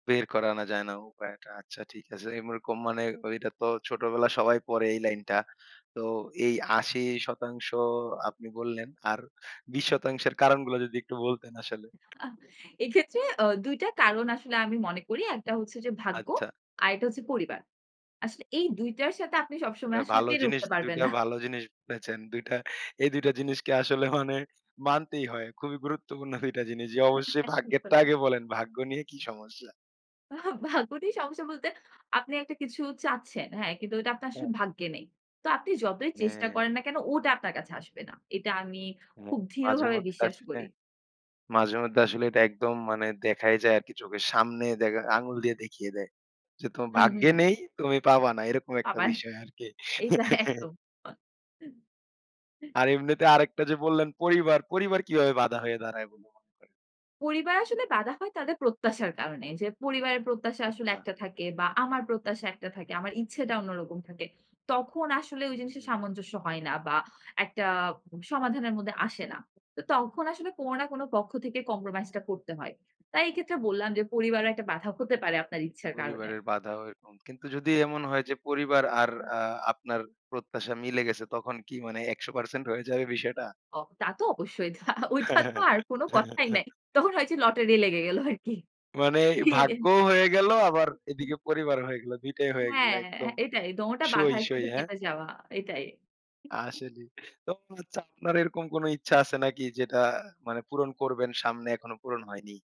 বের করে আনা যায় না উপায়টা। আচ্ছা ঠিক আছে। এইরকম মানে ওইটা তো ছোটবেলায় সবাই পড়ে এই লাইনটা। তো এই ৮০% আপনি বললেন আর ২০% এর কারণগুলা যদি একটু বলতেন আসলে? উ আহ এক্ষেত্রে আ ২ টা কারণ আসলে আমি মনে করি। একটা হচ্ছে যে, ভাগ্য, আচ্ছা। আরেকটা হচ্ছে পরিবার। আসলে এই ২ টার সাথে আপনি সবসময় এ আসলে ভালো পেরে জিনিস, উঠতে ২ পারবেন টা না। ভালো জিনিস বলেছেন। ২ টা এই ২ টা জিনিসকে আসলে মানে মানতেই হয়। খুবই গুরুত্বপূর্ণ ২ টা জিনিস। যে, অবশ্যই ভাগ্যেরটা [unintelligible] আগে বলেন। ভাগ্য নিয়ে কি সমস্যা? আ ভাগ্য নিয়ে সমস্যা বলতে আপনি একটা কিছু চাচ্ছেন হ্যাঁ, কিন্তু ওটা আপনার আসলে হ্যাঁ। ভাগ্যে নেই তো আপনি যতই চেষ্টা হ্যাঁ। করেন না কেন ওটা আপনার কাছে আসবে না। এটা আমি হ্যাঁ, খুব দৃঢ়ভাবে মাঝেমধ্যে বিশ্বাস আসলে করি। মাঝেমধ্যে আসলে এটা একদম মানে দেখাই যায় আরকি চোখের সামনে দে আঙ্গুল দিয়ে দেখিয়ে দেয়। যে, তোমার হুম, ভাগ্যে হুম। নেই তুমি পাবা না এরকম একটা আবার বিষয় আরকি। এইটা একদম। আর এমনিতে আরেকটা যে, বললেন পরিবার, পরিবার কিভাবে বাধা হয়ে দাঁড়ায় বলে মনে করেন? পরিবার আসলে বাধা হয় তাদের প্রত্যাশার কারণে। যে, পরিবারের প্রত্যাশা আসলে আচ্ছা। একটা থাকে বা আমার প্রত্যাশা একটা থাকে, আমার ইচ্ছেটা অন্যরকম থাকে। তখন আসলে ওই জিনিসের হুম। সামঞ্জস্য হয় না বা একটা সমাধানের মধ্যে আসে না। তো তখন আসলে কোনো না কোনো পক্ষ থেকে কম্প্রোমাইজ টা করতে হয়। তাই এই ক্ষেত্রে বললাম যে, পরিবারে একটা বাধা হতে পারে আপনার ইচ্ছার কারণে। পরিবারের বাধাও এরকম কিন্তু যদি এমন হয় যে, পরিবার আর আ আপনার প্রত্যাশা মিলে গেছে তখন কি মানে ১০০% হয়ে যাবে বিষয়টা? ও তা তো অবশ্যই ওটা ওইটা তো আর কোনো কথাই নাই, তখন হয় যে, লটারি লেগে গেল আরকি মানে এটাই। ভাগ্যও হয়ে গেল, আবার এদিকে পরিবারও হয়ে গেলো, ২ টাই হয়ে গেল হ্যাঁ, একদম এটাই দোনটা বাঁধা সই, সই একসাথে হ্যাঁ? কেটে যাওয়া এটাই। [unintelligible] আসলে তো [unintelligible] আপনার এরকম কোনো ইচ্ছা আছে নাকি যেটা মানে পূরণ করবেন সামনে এখনো পূরণ হয়নি?